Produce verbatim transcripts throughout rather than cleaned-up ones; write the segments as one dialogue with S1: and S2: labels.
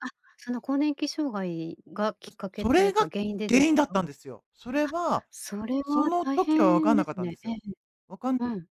S1: あ、その更年期障害がきっ
S2: う
S1: かけ
S2: そ
S1: とい
S2: れ
S1: うか
S2: が
S1: 原因でで
S2: 原
S1: す
S2: 因だっ
S1: か？あ、
S2: たんですよ。それは、
S1: それ
S2: そ
S1: は
S2: の
S1: 大
S2: 時はわ
S1: 変
S2: かん
S1: で
S2: なかっ
S1: す
S2: たんで
S1: ね。
S2: す
S1: ええ。
S2: よ。わかんて、
S1: うん。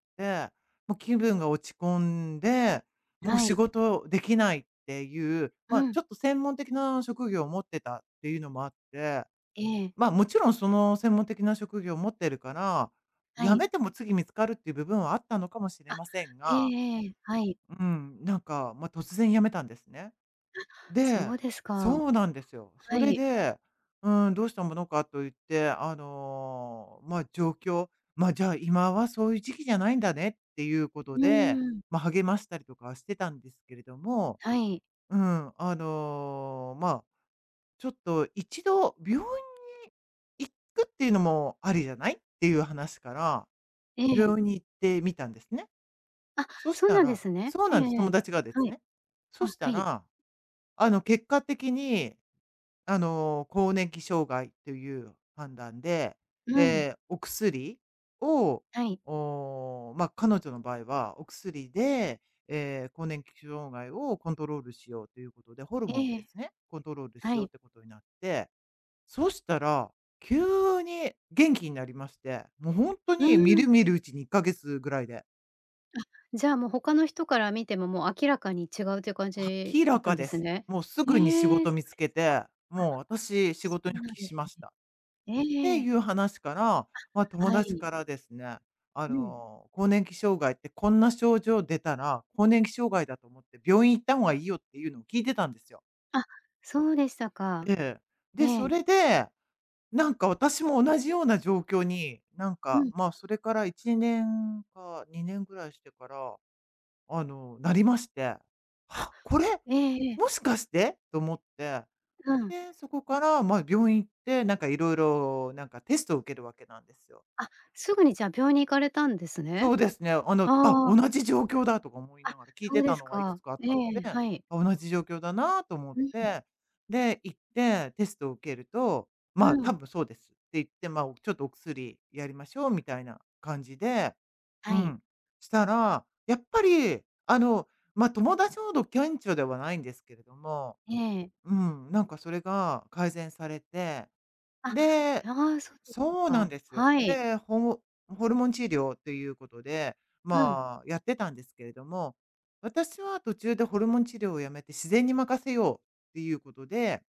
S2: もう気分が落ち込んで、もう
S1: は
S2: 仕
S1: い。
S2: 事できないっていう、
S1: う
S2: まあ、
S1: ん。
S2: ちょっと専門的な職業を持ってたっていうのもあって、
S1: ええ。
S2: まあ、もちろんその専門的な職業を持ってるから、
S1: は
S2: 辞
S1: い。
S2: めても次見つかるっていう部分はあったのかもしれ
S1: あ、
S2: ません
S1: ええ
S2: が
S1: ええ、はい。
S2: うん、なんか、ま、突然辞めたんですね。
S1: あっ、そ
S2: で
S1: うです
S2: そ
S1: か。
S2: うなんですよ。そ
S1: は
S2: れ
S1: い。
S2: で「うーん、どうしたものか」と言って、あの、まあ、状況、まあ「じゃあ、今はそういう時期じゃないんだね」っていうこ
S1: う
S2: とで、
S1: ーん。
S2: ま、励ましたりとかはしてたんですけれども
S1: はい。
S2: うん、あの、まあ「ちょっと一度病院に行くっていうのもありじゃない？」っていう話から、
S1: ええ。
S2: 病院に行ってみたんですね。
S1: あ、
S2: そし
S1: そう
S2: た
S1: なんで
S2: ら
S1: すね。
S2: そう
S1: え
S2: な
S1: え
S2: んす、
S1: え
S2: 友
S1: え。
S2: 達がです
S1: はい。
S2: ね。
S1: あ、
S2: そした
S1: はい。
S2: ら、あの、結果的にあの、更年期障害っという判断で、
S1: うん。
S2: で、お薬を、
S1: はい。
S2: おお、ま、彼女の場合は、お薬で、え、更年期障害をコントロールしようということで、ホルモンを
S1: え
S2: で
S1: え、
S2: すね、コントロール
S1: は
S2: しよう
S1: い。
S2: っていうことになって、そしたら急に元気になりまして、もうほんと
S1: う
S2: にみ
S1: ー
S2: る
S1: ん。
S2: みるうちにいっかげつぐらいで。
S1: あ、じゃあ、もう他の人から見ても、もう明らかに違うっていう感じ
S2: 明
S1: だっ
S2: ら
S1: たん
S2: か
S1: で
S2: で
S1: す
S2: す。
S1: ね。
S2: もうすぐに仕
S1: へえ、
S2: 事
S1: そ
S2: 見
S1: う
S2: つ
S1: で
S2: け
S1: すか、
S2: て
S1: あ、
S2: 「もう私仕
S1: そ
S2: 事
S1: う
S2: に復
S1: なん
S2: 帰
S1: です
S2: しました」っ
S1: ね。ええ
S2: て
S1: ええ。
S2: いう話から、ま、
S1: あ、
S2: 友
S1: は
S2: 達
S1: い。
S2: からですね。あ
S1: うん。
S2: の「更年期障害ってこんな症状出たら、更年期障害だと思って病院行った方がいいよ」っていうのを聞いてたんですよ。
S1: あ、そうでしたか。
S2: ええ、で、
S1: え
S2: そ
S1: え。
S2: れで、なんか私も同じような状況に、なん
S1: う
S2: か、
S1: ん。
S2: まあ、それからいちねんかにねんぐらいしてから、あの、なりまして
S1: あ、
S2: 「は、これ、
S1: ええええ。
S2: もしかして」と思って、
S1: うん。
S2: で、そこから、まあ、病院行って、なんかいろいろ、なんかテストを受けるわけなんですよ。
S1: あ、すぐにじゃあ、病院に行かれたんです
S2: そ
S1: ね。
S2: うですね、あの「あ、
S1: ああ。
S2: 同じ状況だ」とか思い
S1: あ、
S2: ながら、聞い
S1: そう
S2: て
S1: で
S2: た
S1: す
S2: のがいくつ
S1: か。
S2: かあっ
S1: え
S2: たので
S1: え、
S2: 「あ、
S1: はい。
S2: 同じ状況だな」と思っ
S1: うん。
S2: て、で、行ってテストを受けると
S1: う
S2: 「まあ、多
S1: ん。
S2: 分そうです」って言って、まあ、お「ちょっとお薬やりましょう」みたいな感じで、う
S1: はい。
S2: ん、したら、やっぱりあの、ま、友達ほど顕著ではないんですけれども、
S1: ええ。
S2: うん、なんかそれが改善されて、
S1: あ、
S2: で
S1: や、あ、うそうでた
S2: そうなん
S1: か。
S2: ですよ。
S1: はい。
S2: で、ほむホルモン治療っということで、
S1: うん。
S2: まあ、やってたんですけれども、私は途中でホルモン治療をやめて自然に任せようっていうことで